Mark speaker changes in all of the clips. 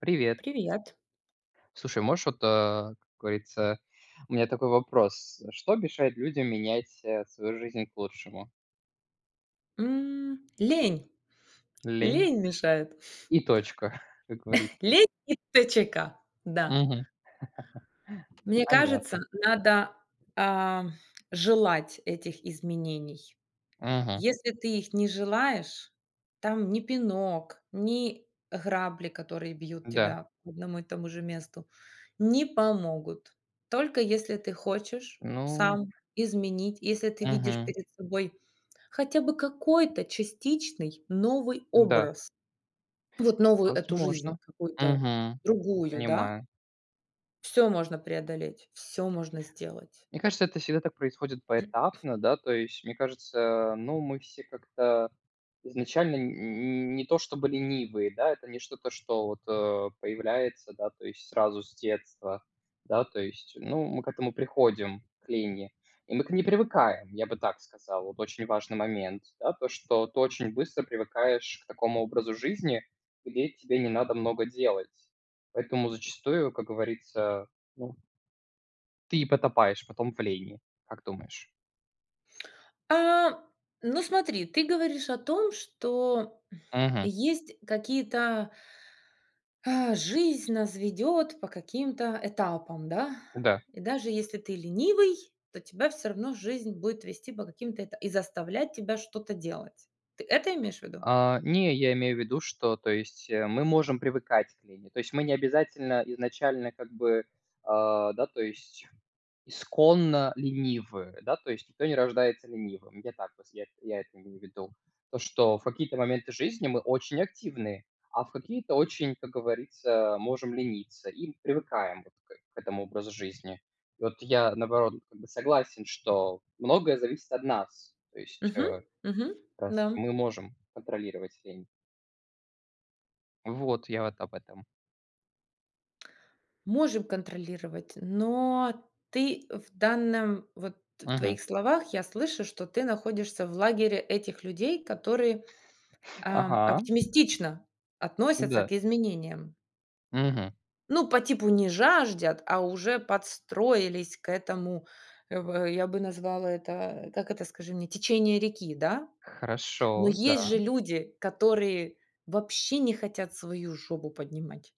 Speaker 1: Привет.
Speaker 2: Привет.
Speaker 1: Слушай, можешь вот, э, как говорится У меня такой вопрос: что мешает людям менять, э, свою жизнь к лучшему?
Speaker 2: М, лень
Speaker 1: Лень.
Speaker 2: лень мешает.
Speaker 1: И точка, как говорится.
Speaker 2: Лень и т ч к Да.
Speaker 1: Мгм.
Speaker 2: Мне кажется,
Speaker 1: Понятно.
Speaker 2: надо, а, желать этих изменений.
Speaker 1: Мгм.
Speaker 2: Если ты их не желаешь, там ни пинок, ни грабли, которые бьют
Speaker 1: Да.
Speaker 2: тебя по одному и тому же месту, не помогут. Только если ты хочешь
Speaker 1: Ну.
Speaker 2: сам изменить, если ты видишь
Speaker 1: Мгм.
Speaker 2: перед собой хотя бы какой-то частичный новый
Speaker 1: Да.
Speaker 2: образ, вот новую эту жизнь,
Speaker 1: Возможно,
Speaker 2: какую-то
Speaker 1: мгм,
Speaker 2: другую, да.
Speaker 1: понимаю.
Speaker 2: Всё можно преодолеть, всё можно сделать.
Speaker 1: Мне кажется, это всегда так происходит поэтапно, да, то есть мне кажется, ну, мы все как-то изначально н н не то чтобы ленивые, да, это не что-то, что вот, э, появляется, да, то есть сразу с детства. Да, то есть, ну, мы к этому приходим, к лени. И мы к ней привыкаем, я бы так сказал. Вот очень важный момент, да, то, что ты очень быстро привыкаешь к такому образу жизни, где тебе не надо много делать. Поэтому зачастую, как говорится, ну ты и потопаешь потом в лени. Как думаешь?
Speaker 2: А, ну, смотри, ты говоришь о том, что
Speaker 1: Мгм.
Speaker 2: есть какие-то Э, жизнь нас ведет по каким-то этапам, да.
Speaker 1: Да.
Speaker 2: И даже если ты ленивый, то тебя всё равно жизнь будет вести по каким-то эта и заставлять тебя что-то делать. Ты это имеешь в виду?
Speaker 1: А, не, я имею в виду, что, то есть мы можем привыкать к лени. То есть мы не обязательно изначально как бы, а, да, то есть исконно ленивы, да, то есть никто не рождается ленивым. Я так вот се я эт я это имею в виду. То, что в какие-то моменты жизни мы очень активны, а в какие-то очень, как говорится, можем лениться и привыкаем вот к э к этому образу жизни. Вот я, наоборот, как бы согласен, что многое зависит от нас. То есть, э,
Speaker 2: Мгм, мгм,
Speaker 1: как раз таки
Speaker 2: да.
Speaker 1: мы можем контролировать лень. Вот, я вот об этом.
Speaker 2: Можем контролировать, но ты в данном вот в
Speaker 1: Мгм.
Speaker 2: твоих словах я слышу, что ты находишься в лагере этих людей, которые, а,
Speaker 1: Ага.
Speaker 2: оптимистично относятся
Speaker 1: Да.
Speaker 2: к изменениям.
Speaker 1: Мгм.
Speaker 2: Ну, по типу, не жаждут, а уже подстроились к этому, э, в я бы назвала это, как это, скажи мне, течение реки, да? Но
Speaker 1: Хорошо,
Speaker 2: есть
Speaker 1: да.
Speaker 2: же люди, которые вообще не хотят свою жопу поднимать,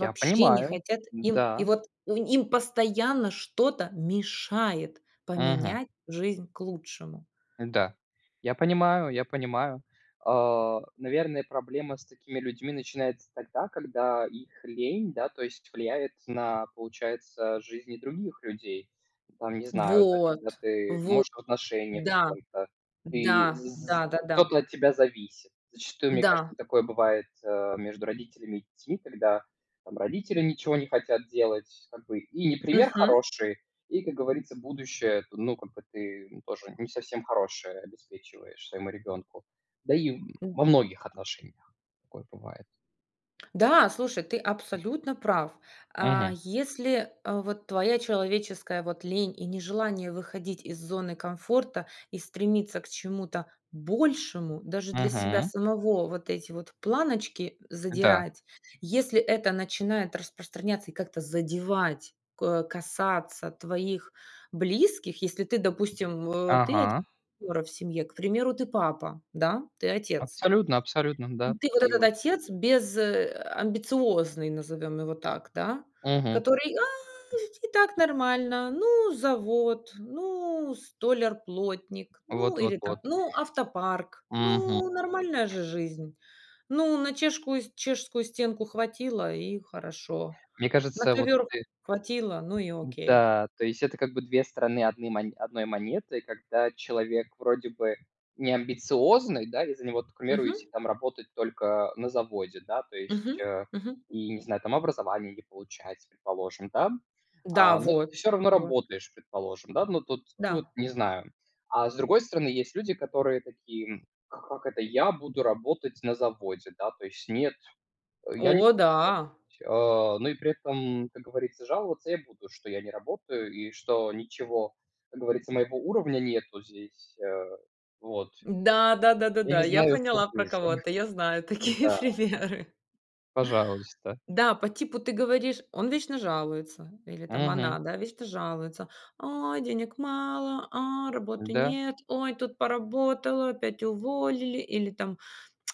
Speaker 1: Я
Speaker 2: не
Speaker 1: понимаю,
Speaker 2: хотят. Им, и
Speaker 1: да.
Speaker 2: вот у им постоянно что-то мешает
Speaker 1: Мгм.
Speaker 2: поменять жизнь к лучшему.
Speaker 1: Да. Я понимаю я понимаю. А, наверное, проблема с такими людьми начинается тогда, когда их лень, да, то есть влияет на, получается, жизни других людей. Там, не знаю, да,
Speaker 2: Вот,
Speaker 1: когда ты,
Speaker 2: вот,
Speaker 1: может, в отношениях с
Speaker 2: да,
Speaker 1: кем-то, и
Speaker 2: да.
Speaker 1: з
Speaker 2: Да-да-да.
Speaker 1: кто-то от тебя зависит. Зачастую, мне
Speaker 2: Да.
Speaker 1: кажется, такое бывает, э, между родителями и детьми, когда там родители ничего не хотят делать как бы. И не пример
Speaker 2: Мгм.
Speaker 1: хороший, и, как говорится, будущее ты, ну, как бы ты тоже не совсем хорошее обеспечиваешь своему ребенку. Да и
Speaker 2: М.
Speaker 1: во многих отношениях такое бывает.
Speaker 2: Да, слушай, ты абсолютно прав. А,
Speaker 1: Мгм.
Speaker 2: если, а, вот твоя человеческая вот лень и нежелание выходить из зоны комфорта и стремиться к чему-то большему даже для себя
Speaker 1: Мгм.
Speaker 2: самого, вот эти вот планочки
Speaker 1: Да.
Speaker 2: задирать, если это начинает распространяться и как-то задевать, ко касаться твоих близких, если ты, допустим, в ты один
Speaker 1: Ага.
Speaker 2: [unintelligible] в семье, к примеру, ты папа, да, ты отец.
Speaker 1: Абсолютно абсолютно
Speaker 2: И
Speaker 1: да,
Speaker 2: ты вот
Speaker 1: такие
Speaker 2: этот
Speaker 1: вот.
Speaker 2: отец без, э, амбициозный, назовем его так, да.
Speaker 1: Мгм.
Speaker 2: Который: "А, ведь и так нормально, ну завод, ну столяр-плотник, ну
Speaker 1: Вот вот
Speaker 2: или там,
Speaker 1: вот.
Speaker 2: ну автопарк,
Speaker 1: Мгм.
Speaker 2: ну нормальная же жизнь, ну на чешскую чешскую стенку хватило- и хорошо,
Speaker 1: Мне
Speaker 2: на
Speaker 1: кажется, вот
Speaker 2: ковер
Speaker 1: ты
Speaker 2: хватило, ну и окей".
Speaker 1: Да, то есть это как бы 2 стороны одный мо одной монеты, когда человек вроде бы не амбициозный, да, и за него [unintelligible]
Speaker 2: Мгм.
Speaker 1: там работать только на заводе, да, то есть,
Speaker 2: Мгм,
Speaker 1: э,
Speaker 2: мгм.
Speaker 1: и не знаю там, образование не получать, предположим, да.
Speaker 2: Да
Speaker 1: А, но
Speaker 2: вот
Speaker 1: ты всё равно
Speaker 2: вот.
Speaker 1: работаешь, предположим, да, но тут ты вот,
Speaker 2: Да.
Speaker 1: не знаю. А с другой стороны есть люди, которые такие: "А как это я буду работать на заводе?" Да? То есть: "Нет, я не
Speaker 2: О
Speaker 1: буду
Speaker 2: да!
Speaker 1: работать". Э, но и при этом, как говорится, жаловаться я буду, что я не работаю и что ничего, как говорится, моего уровня нету здесь, э. Вот,
Speaker 2: Да да да да
Speaker 1: я
Speaker 2: да,
Speaker 1: не
Speaker 2: я
Speaker 1: знаю, что
Speaker 2: поняла про
Speaker 1: хуже.
Speaker 2: кого ты, я знаю такие
Speaker 1: Да.
Speaker 2: примеры.
Speaker 1: Пожалуйста.
Speaker 2: Да, по типу ты говоришь, он вечно жалуется, или там она,
Speaker 1: Мгм.
Speaker 2: да, вечно жалуется: "Ой, денег мало, а, работы
Speaker 1: Да.
Speaker 2: нет! Ой, тут поработала, опять уволили!" Или там: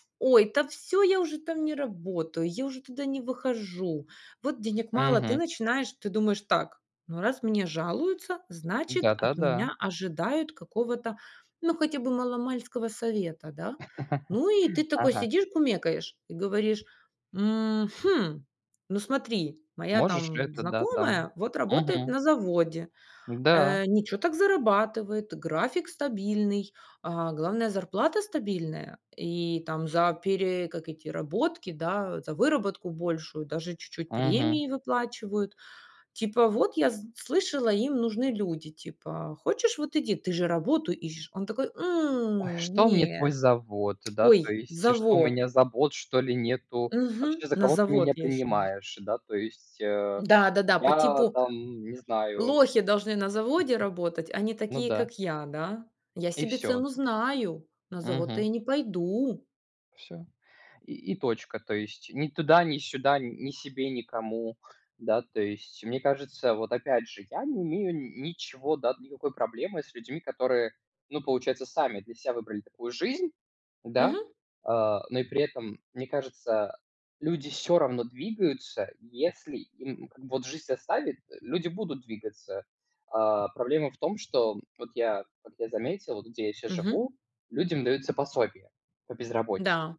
Speaker 2: "Ой, да всё, я уже там не работаю, я уже туда не выхожу, вот денег мало". Ты
Speaker 1: Мгм.
Speaker 2: начинаешь, ты думаешь так: ну, раз мне жалуются, значит, от
Speaker 1: Да-да-да.
Speaker 2: меня ожидают какого-то, ну, хотя бы мало-мальского совета, да? Ну, и ты такой
Speaker 1: Ага.
Speaker 2: сидишь, кумекаешь и говоришь: "Мгм, ну смотри, моя
Speaker 1: Можешь ли
Speaker 2: там
Speaker 1: это, да, там?
Speaker 2: знакомая вот работает
Speaker 1: Мгм.
Speaker 2: на заводе,
Speaker 1: Да.
Speaker 2: э, ничё так зарабатывает, график стабильный, а главное- зарплата стабильная, и там за пере как эти работки, да, за выработку большую даже чуть-чуть
Speaker 1: Мгм.
Speaker 2: премии выплачивают". Типа: "Вот я с слышала, им нужны люди, типа, хочешь- вот иди, ты же работу ищешь". Он такой:
Speaker 1: Ой,
Speaker 2: "М,
Speaker 1: что мне
Speaker 2: не,
Speaker 1: твой завод? Да, то
Speaker 2: ой,
Speaker 1: есть что, у меня
Speaker 2: завод".
Speaker 1: забот, что ли, нету? Вообще,
Speaker 2: Мгм.
Speaker 1: за
Speaker 2: На
Speaker 1: кого ты
Speaker 2: завод
Speaker 1: меня
Speaker 2: я еще не ш
Speaker 1: принимаешь? Да, то есть, э,
Speaker 2: Да-да-да, по
Speaker 1: я
Speaker 2: типу-
Speaker 1: там не знаю
Speaker 2: лохи должны на заводе работать, а не
Speaker 1: Ну
Speaker 2: такие,
Speaker 1: да.
Speaker 2: как я, да. Я
Speaker 1: И
Speaker 2: себе
Speaker 1: всё.
Speaker 2: цену знаю, на завод-то я
Speaker 1: Мгм.
Speaker 2: не пойду.
Speaker 1: Всё, и и точка. То есть ни туда, ни сюда, н ни себе, никому. Да, то есть. Мне кажется, вот опять же, я не имею ничего, да, никакой проблемы с людьми, которые, ну, получается, сами для ся выбрали такую жизнь, да,
Speaker 2: Мгм.
Speaker 1: а. Но и при этом, мне кажется, люди всё равно двигаются, если им как бы вот жизнь заставит, люди будут двигаться. А проблема в том, что вот я как я заметил, где я щас
Speaker 2: Мгм.
Speaker 1: живу, людям даются пособия по безработице.
Speaker 2: Да,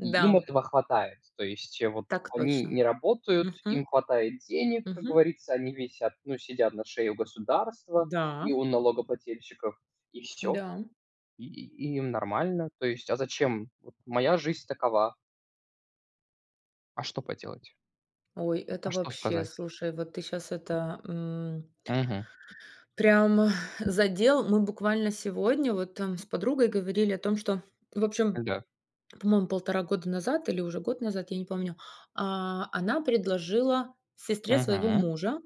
Speaker 1: И им этого хватает. То есть вот
Speaker 2: Так
Speaker 1: они
Speaker 2: точно.
Speaker 1: не работают,
Speaker 2: Мгм,
Speaker 1: им хватает денег, как
Speaker 2: мгм.
Speaker 1: говорится, они висят, ну, сидят на шее у государства и
Speaker 2: Да.
Speaker 1: у налогоплательщиков, и всё.
Speaker 2: Да.
Speaker 1: И и им нормально. То есть, а зачем, вот моя жизнь такова. А что поделать?
Speaker 2: Ой, это
Speaker 1: А что
Speaker 2: вообще.
Speaker 1: сказать?
Speaker 2: Слушай, вот ты щас это, м
Speaker 1: Мгм.
Speaker 2: прям задел. Мы буквально сегодня вот там с подругой говорили о том, что, в общем,
Speaker 1: Да.
Speaker 2: по-моему, полтора года назад или уже год назад, я не помню, а, она предложила сестре своего
Speaker 1: Мгм,
Speaker 2: мужа,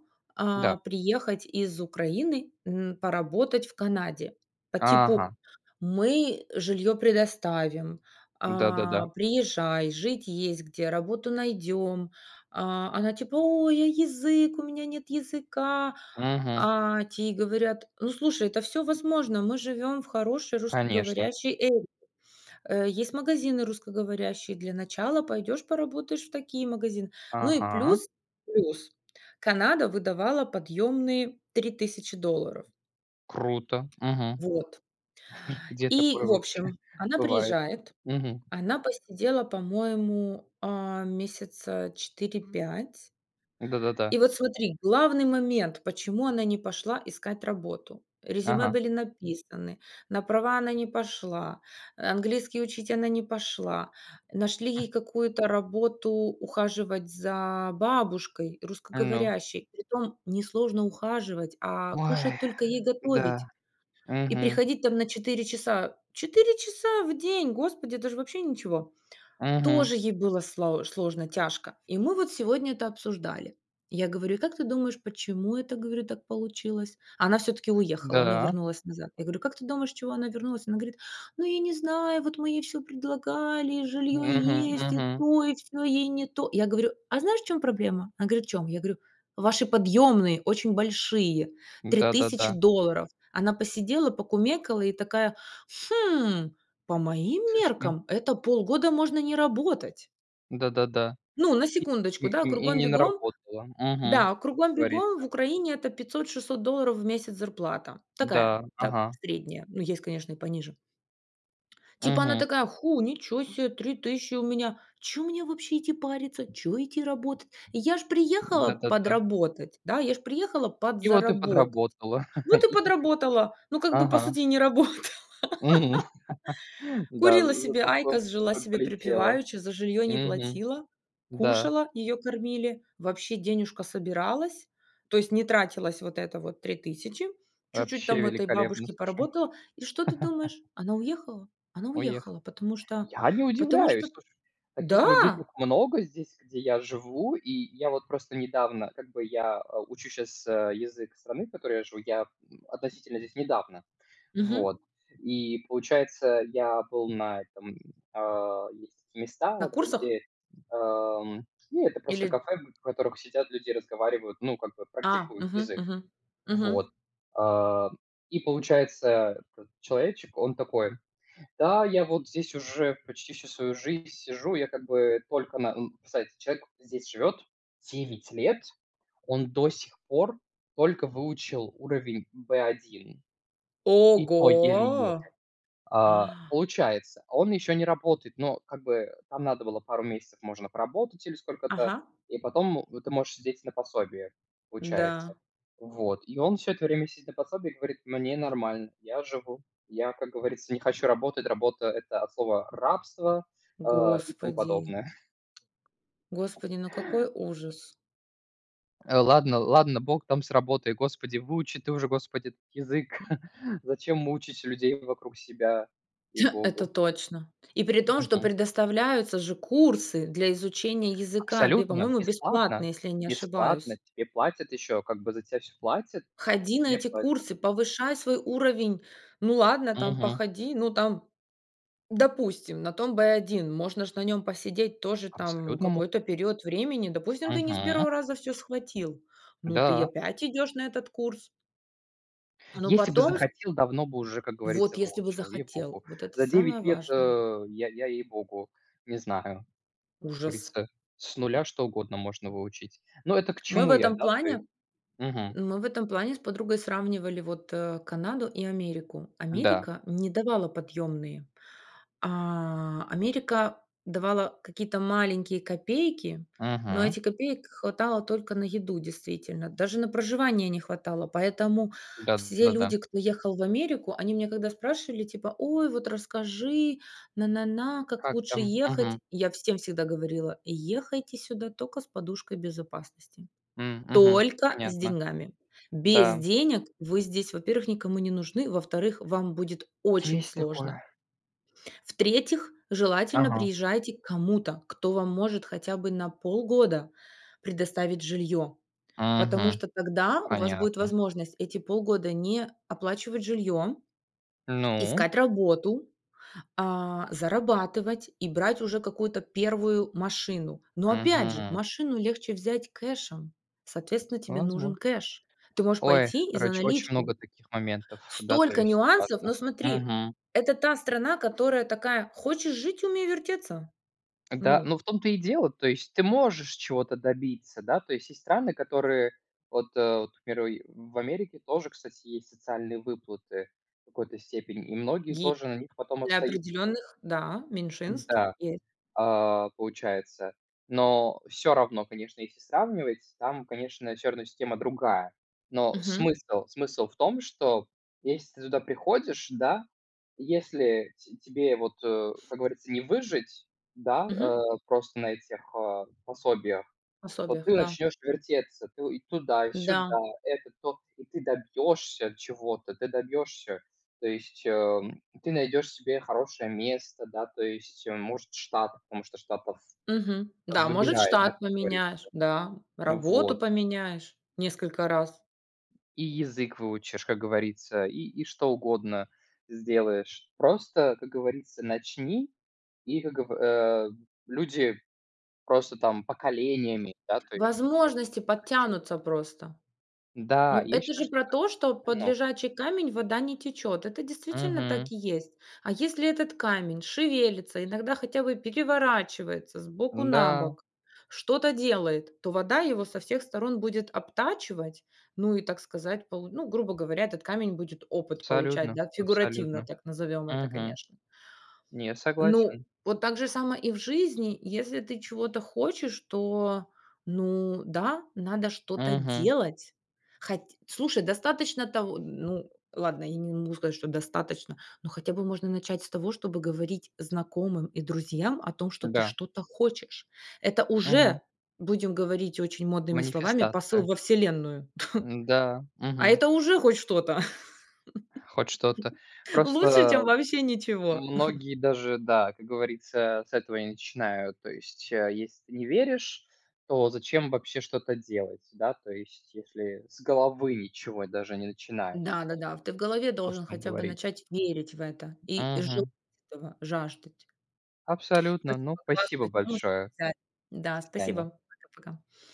Speaker 1: да.
Speaker 2: а, приехать из Украины, м, поработать в Канаде. По типу:
Speaker 1: Ага.
Speaker 2: "Мы жилье предоставим,
Speaker 1: Да-да-да.
Speaker 2: а, приезжай, жить есть где, работу найдем". А она типа: "Ой, а язык? У меня нет языка".
Speaker 1: Мгм.
Speaker 2: А те ей говорят: "Ну, слушай, это всё возможно, мы живем в хорошей
Speaker 1: Конечно.
Speaker 2: русскоговорящей area Э, есть магазины русскоговорящие, для начала пойдешь поработаешь в такие магазины". Ну и
Speaker 1: Ага.
Speaker 2: плюс, плюс Канада выдавала подъемные 3 000 долларов.
Speaker 1: Круто! Мгм.
Speaker 2: Вот.
Speaker 1: Где
Speaker 2: И,
Speaker 1: такое
Speaker 2: в
Speaker 1: вообще
Speaker 2: общем, она
Speaker 1: бывает?
Speaker 2: приезжает,
Speaker 1: Мгм.
Speaker 2: она посидела, по-моему, а, месяца 4-5.
Speaker 1: Да-да-да.
Speaker 2: И вот смотри: главный момент, почему она не пошла искать работу. Резюме
Speaker 1: Ага.
Speaker 2: были написаны, на права она не пошла, английский учить она не пошла, нашли ей какую-то работу ухаживать за бабушкой
Speaker 1: Ну.
Speaker 2: русскоговорящей. При том несложно ухаживать, а, кушать
Speaker 1: Ой,
Speaker 2: только ей
Speaker 1: да,
Speaker 2: готовить и
Speaker 1: мгм.
Speaker 2: приходить там на 4 часа. 4 часа в день, Господи, это же вообще ничего.
Speaker 1: Мгм.
Speaker 2: Тоже ей было сла сложно, тяжко. И мы вот сегодня это обсуждали. Я говорю: "И как ты думаешь, почему это, говорю, так получилось?" Она всё-таки уехала, она
Speaker 1: Да.
Speaker 2: вернулась назад. Я говорю: "Как ты думаешь, чего она вернулась?" Она говорит: "Ну, я не знаю, вот мы ей всё предлагали, и жилье
Speaker 1: Мгм,
Speaker 2: есть, и
Speaker 1: мгм.
Speaker 2: то, и всё ей не то" Я говорю: "А знаешь, в чём проблема?" Она говорит: "В чём?" Я говорю: "Ваши подъемные очень большие, 3 000
Speaker 1: Да-да-да.
Speaker 2: долларов". Она посидела, покумекала и такая: "Хм, по моим
Speaker 1: Слишком.
Speaker 2: меркам, это полгода можно не работать".
Speaker 1: Да-да-да.
Speaker 2: Ну, на
Speaker 1: И
Speaker 2: секундочку,
Speaker 1: н
Speaker 2: да,
Speaker 1: и не
Speaker 2: кругом-бегом.
Speaker 1: наработала. Мгм,
Speaker 2: Да,
Speaker 1: как
Speaker 2: кругом-бегом
Speaker 1: говорится.
Speaker 2: в Украине это 500-600 долларов в месяц зарплата. Такая,
Speaker 1: Да,
Speaker 2: да,
Speaker 1: ага.
Speaker 2: средняя, но есть, конечно, и пониже. Типа она
Speaker 1: Мгм.
Speaker 2: такая: "Ху, ничё се! 3 000 у меня, чё мне вообще идти париться, чё идти работать? Я ж приехала
Speaker 1: Да-да-да.
Speaker 2: подработать, да, я ж приехала
Speaker 1: И вот ты
Speaker 2: подзаработать,
Speaker 1: подработала
Speaker 2: вот и
Speaker 1: и
Speaker 2: подработала". Ну, как бы по
Speaker 1: Ага.
Speaker 2: сути и не работала,
Speaker 1: Мгм. Да, з
Speaker 2: курила
Speaker 1: за
Speaker 2: себе
Speaker 1: то, что
Speaker 2: айкос, жила
Speaker 1: там
Speaker 2: себе
Speaker 1: полетела.
Speaker 2: припеваючи, за жильё не
Speaker 1: Мгм,
Speaker 2: платила,
Speaker 1: да.
Speaker 2: кушала, её кормили, вообще денежка собиралась. То есть не тратилась вот это вот 3000, чуть-чуть
Speaker 1: Вообще
Speaker 2: там у этой
Speaker 1: великолепно,
Speaker 2: бабушки
Speaker 1: слушай.
Speaker 2: поработала. И что ты думаешь? Она уехала она уехала,
Speaker 1: Уехал.
Speaker 2: потому что
Speaker 1: Я не
Speaker 2: потому что
Speaker 1: удивляюсь, слушай. Таких людей
Speaker 2: Да!
Speaker 1: тут много здесь, где я живу, и я вот просто недавно как бы я, а, учу щас, э, язык страны, в которой я живу. Я, м, относительно здесь недавно.
Speaker 2: Мгм.
Speaker 1: Вот. И, получается, я был на этом, э Есть такие
Speaker 2: На
Speaker 1: места,
Speaker 2: курсах?
Speaker 1: где, ам, ну, это просто
Speaker 2: Или
Speaker 1: кафе, в которых сидят люди, разговаривают, ну, как бы
Speaker 2: А,
Speaker 1: практикуют
Speaker 2: мгм,
Speaker 1: язык.
Speaker 2: мгм,
Speaker 1: Вот,
Speaker 2: мгм.
Speaker 1: а. И получается как? Человечек, он такой: "Да, я вот здесь уже почти всю свою жизнь сижу. Я как бы только на, н" Кстати, человек здесь живёт 9 лет. Он до сих пор только выучил уровень B1, и то еле-еле.
Speaker 2: Ого!
Speaker 1: А,
Speaker 2: А!
Speaker 1: получается, он еще не работает, но как бы там надо было пару месяцев, можно поработать или сколько-то,
Speaker 2: Ага.
Speaker 1: и потом вот ты можешь сидеть на пособии, получается,
Speaker 2: Да.
Speaker 1: вот. И он всё это время сидит на пособии и говорит: "Мне нормально, я живу. Я, как говорится, не хочу работать. Работа- это от слова рабство, а, и тому
Speaker 2: Господи!
Speaker 1: подобное".
Speaker 2: Господи, ну какой ужас!
Speaker 1: Э, ладно ладно, Бог там с работой, Господи, выучи ты уже, Господи, этот язык. Зачем мучить людей вокруг себя?
Speaker 2: Это
Speaker 1: Ей-Богу.
Speaker 2: точно! И при том, что
Speaker 1: Мгм.
Speaker 2: предоставляются же курсы для изучения языка, бе
Speaker 1: Абсолютно
Speaker 2: по-моему, бесплатно,
Speaker 1: бесплатно
Speaker 2: если я не
Speaker 1: бесплатно.
Speaker 2: ошибаюсь.
Speaker 1: Тебе платят, еще, как бы за тя всё платят, и
Speaker 2: Ходи на
Speaker 1: тебе
Speaker 2: эти
Speaker 1: платят.
Speaker 2: курсы, повышай свой уровень. Ну ладно, там
Speaker 1: Мгм.
Speaker 2: походи, ну там, допустим, на том В1, можно ж на нем посидеть тоже там
Speaker 1: Абсолютно мог!
Speaker 2: какой-то период времени. Допустим, ты не с
Speaker 1: Мгм.
Speaker 2: 1 раза всё схватил, ну, ты и
Speaker 1: Да.
Speaker 2: опять идешь на этот курс. Ну,
Speaker 1: Если бы
Speaker 2: потом с
Speaker 1: захотел, давно бы уже, как
Speaker 2: Вот,
Speaker 1: говорится,
Speaker 2: если бы
Speaker 1: выучил,
Speaker 2: захотел,
Speaker 1: ей-Богу!
Speaker 2: вот это
Speaker 1: За
Speaker 2: самое
Speaker 1: 9 лет,
Speaker 2: важное.
Speaker 1: э, я я, ей-Богу, не знаю. Как
Speaker 2: Ужас!
Speaker 1: говорится, с нуля что угодно можно выучить. Но это к
Speaker 2: Мы в
Speaker 1: чему я,
Speaker 2: этом
Speaker 1: да? Ты
Speaker 2: плане
Speaker 1: Мгм.
Speaker 2: мы в этом плане с подругой сравнивали вот, э, Канаду и Америку.
Speaker 1: Да.
Speaker 2: Америка не давала подъемные. А, Америка давала какие-то маленькие копейки, но
Speaker 1: Мгм.
Speaker 2: эти копеек хватало только на еду действительно, даже на проживание не хватало. Поэтому все люди,
Speaker 1: Да-да-да.
Speaker 2: кто ехал в Америку, они меня когда спрашивали, типа: "Ой, вот расскажи, на на на, как
Speaker 1: Как
Speaker 2: лучше
Speaker 1: там,
Speaker 2: ехать".
Speaker 1: мгм.
Speaker 2: Я всем всегда говорила: "Ехайте сюда тока с подушкой безопасности,
Speaker 1: М, мгм.
Speaker 2: только с
Speaker 1: Понятно.
Speaker 2: деньгами". Без
Speaker 1: Да.
Speaker 2: денег вы здесь, во-первых, никому не нужны, во-вторых, вам будет очень
Speaker 1: Есть
Speaker 2: сложно.
Speaker 1: такое.
Speaker 2: В-третьих, желательно
Speaker 1: Ага.
Speaker 2: приезжайте к кому-то, кто вам может хотя бы на полгода предоставить жилье. Потому
Speaker 1: Мгм,
Speaker 2: что тогда у вас будет
Speaker 1: понятно.
Speaker 2: возможность эти полгода не оплачивать жилье,
Speaker 1: Ну?
Speaker 2: искать работу, а, зарабатывать и брать уже какую-то первую машину. Но, опять же,
Speaker 1: Мгм.
Speaker 2: машину легче взять кэшем. Соответственно, тебе нужен
Speaker 1: Возмо
Speaker 2: кэш. Ты можешь
Speaker 1: Ой,
Speaker 2: пойти и за
Speaker 1: короче, очень
Speaker 2: наличку.
Speaker 1: много таких моментов, да, то
Speaker 2: Столько
Speaker 1: есть
Speaker 2: нюансов, но
Speaker 1: важных,
Speaker 2: смотри,
Speaker 1: мгм.
Speaker 2: это та страна, которая такая: "Хочешь жить- умей вертеться".
Speaker 1: Да,
Speaker 2: Ну.
Speaker 1: ну, в том-то и дело, то есть ты можешь чего-то добиться, да, то есть есть страны, которые вот, э вот, к примеру, в Америке тоже, кстати, есть социальные выплаты в какой-то степени, и многие
Speaker 2: Есть.
Speaker 1: тоже на них потом
Speaker 2: Для
Speaker 1: остаются.
Speaker 2: определенных, да, меньшинств,
Speaker 1: Да,
Speaker 2: есть.
Speaker 1: а, получается. Но всё равно, конечно, если сравнивать, там, конечно, всё равно система другая. Но
Speaker 2: Мгм.
Speaker 1: смысл смысл в том, что если ты туда приходишь, да, если те тебе вот, э, как говорится, не выжить, да,
Speaker 2: Мгм.
Speaker 1: э, просто на этих, э, пособиях, то
Speaker 2: Пособиях,
Speaker 1: ты
Speaker 2: да.
Speaker 1: начнёшь вертеться, ты и туда, и сюда,
Speaker 2: Да.
Speaker 1: это, то. И ты добьешься чего-то, ты добьешься. То есть, эм, ты найдёшь себе хорошее место, да, то есть, может, в Штатах, потому что в Штатах
Speaker 2: Мгм. Да, может,
Speaker 1: выбирают, да,
Speaker 2: штат
Speaker 1: как говорится.
Speaker 2: поменяешь, да, работу
Speaker 1: Вот.
Speaker 2: поменяешь несколько раз.
Speaker 1: И язык выучишь, как говорится, и и что угодно сделаешь. Просто, как говорится, начни, и как гово э, люди просто там поколениями, да, то есть делают
Speaker 2: Возможности
Speaker 1: так, живут.
Speaker 2: подтянутся просто.
Speaker 1: Да,
Speaker 2: Ну,
Speaker 1: я
Speaker 2: это
Speaker 1: считаю,
Speaker 2: же
Speaker 1: что
Speaker 2: про
Speaker 1: это
Speaker 2: то, что под
Speaker 1: это много.
Speaker 2: лежачий камень вода не течет, это действительно так
Speaker 1: Мгм.
Speaker 2: и есть. А если этот камень шевелится, иногда хотя бы переворачивается с боку на
Speaker 1: Да.
Speaker 2: бок, что-то делает, то вода его со всех сторон будет обтачивать. Ну и, так сказать, полу грубо говоря, этот камень будет опыт получать,
Speaker 1: Абсолютно
Speaker 2: да, фигуративно
Speaker 1: абсолютно.
Speaker 2: так назовем это,
Speaker 1: Мгм.
Speaker 2: конечно.
Speaker 1: Нет,
Speaker 2: Ну,
Speaker 1: согласен.
Speaker 2: вот так же само и в жизни. Если ты чего-то хочешь, то, ну да, надо что-то
Speaker 1: Мгм.
Speaker 2: делать. Хо слушай, достаточно того Ну ладно, я не могу сказать, что достаточно. Ну, хотя бы можно начать с того, чтобы говорить знакомым и друзьям о том, что ты
Speaker 1: Да.
Speaker 2: что-то хочешь. Это
Speaker 1: Мгм.
Speaker 2: уже, будем говорить очень модными словами, посыл
Speaker 1: Манифестация.
Speaker 2: во Вселенную.
Speaker 1: Да.
Speaker 2: А
Speaker 1: Мгм.
Speaker 2: это уже хоть что-то.
Speaker 1: Хоть что-то.
Speaker 2: Лучше, чем
Speaker 1: Просто
Speaker 2: вообще ничего.
Speaker 1: многие даже, да, как говорится, с этого и начинают. То есть, э, если ты не веришь, то зачем вообще что-то делать, да, то есть если с головы ничего даже не начинается,
Speaker 2: Да-да-да, в ты в голове
Speaker 1: о
Speaker 2: должен
Speaker 1: пустом
Speaker 2: хотя бы
Speaker 1: говорить.
Speaker 2: начать верить в это и желать
Speaker 1: Мгм.
Speaker 2: этого, жаждать.
Speaker 1: Абсолютно, ну,
Speaker 2: Спасибо.
Speaker 1: спасибо
Speaker 2: Классную тему с
Speaker 1: большое.
Speaker 2: тобой
Speaker 1: До
Speaker 2: взяли. Да, спасибо.
Speaker 1: свидания.
Speaker 2: Пока пока.